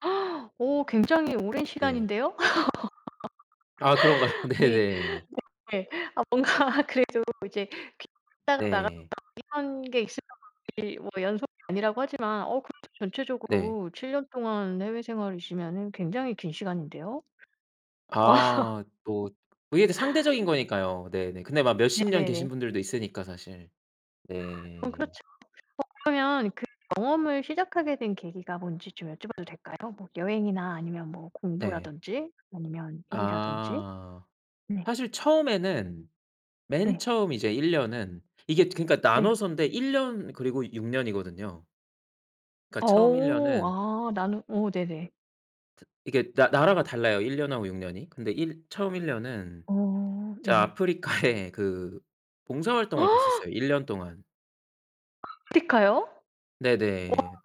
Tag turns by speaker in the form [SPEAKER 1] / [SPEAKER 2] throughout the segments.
[SPEAKER 1] 오 굉장히 오랜
[SPEAKER 2] 네.
[SPEAKER 1] 시간인데요?
[SPEAKER 2] 아 그런가요?
[SPEAKER 1] 아니
[SPEAKER 2] 네네.
[SPEAKER 1] 네 아 뭔가 그래도 이제 귀국했다가 나갔다가
[SPEAKER 2] 네.
[SPEAKER 1] 이런 게 있으면 이게 뭐 연속이 아니라고 하지만 어 그래도
[SPEAKER 2] 네.
[SPEAKER 1] 전체적으로 7년 동안 해외 생활이시면은 굉장히 긴 시간인데요?
[SPEAKER 2] 아 뭐 그게 또 상대적인 거니까요. 네네. 근데 막 몇십 년
[SPEAKER 1] 네네네.
[SPEAKER 2] 계신 분들도 있으니까 사실.
[SPEAKER 1] 어
[SPEAKER 2] 네.
[SPEAKER 1] 그렇죠. 어 그러면 그 경험을 시작하게 된 계기가 뭔지 좀 여쭤봐도 될까요? 뭐 여행이나 아니면 뭐
[SPEAKER 2] 네.
[SPEAKER 1] 공부라든지 아니면 일이라든지.
[SPEAKER 2] 아.
[SPEAKER 1] 네.
[SPEAKER 2] 사실 처음에는 맨
[SPEAKER 1] 네.
[SPEAKER 2] 처음 이제 1 년은 이게 그니까
[SPEAKER 1] 네.
[SPEAKER 2] 나눠서인데 1 년 그리고 6 년이거든요. 그러니까 처음 1
[SPEAKER 1] 어
[SPEAKER 2] 년은
[SPEAKER 1] 아 나는 어 네네.
[SPEAKER 2] 트 이게 나 나라가 달라요, 1 년하고 6 년이. 근데 일 처음 1 년은
[SPEAKER 1] 어
[SPEAKER 2] 제가
[SPEAKER 1] 네네.
[SPEAKER 2] 아프리카에 그 봉사 활동을 갔었어요, 1 년 동안.
[SPEAKER 1] 아프리카요? 와
[SPEAKER 2] 네네.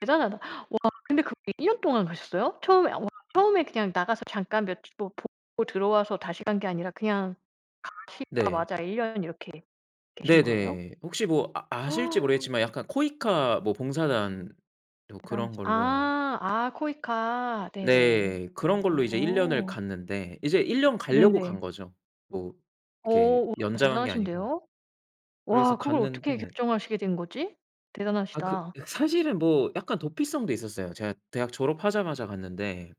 [SPEAKER 1] 대단하다. 와 근데 거기 1 년 동안 가셨어요? 처음에 와 처음에 그냥 나가서 잠깐 몇 주 보고 들어와서 다시 간 게 아니라 그냥
[SPEAKER 2] 네.
[SPEAKER 1] 가시자마자 1 년 이렇게 계신 거예요?
[SPEAKER 2] 네네. 혹시 뭐 아 아실지 모르겠지만 약간 코이카 뭐 봉사단 뭐 그런
[SPEAKER 1] 대단하시
[SPEAKER 2] 걸로
[SPEAKER 1] 아 아 코이카. 네네.
[SPEAKER 2] 네. 그런 걸로 이제 1 년을
[SPEAKER 1] 어.
[SPEAKER 2] 갔는데 이제 1 년 가려고 간
[SPEAKER 1] 네네.
[SPEAKER 2] 거죠, 뭐
[SPEAKER 1] 어
[SPEAKER 2] 이렇게
[SPEAKER 1] 우와
[SPEAKER 2] 연장한 게 아니고.
[SPEAKER 1] 대단하신데요.
[SPEAKER 2] 그래서
[SPEAKER 1] 와 그걸 어떻게
[SPEAKER 2] 갔는데
[SPEAKER 1] 결정하시게 된 거지?
[SPEAKER 2] 아 그
[SPEAKER 1] 대단하시다.
[SPEAKER 2] 사실은 뭐 약간 도피성도 있었어요. 제가 대학 졸업하자마자 갔는데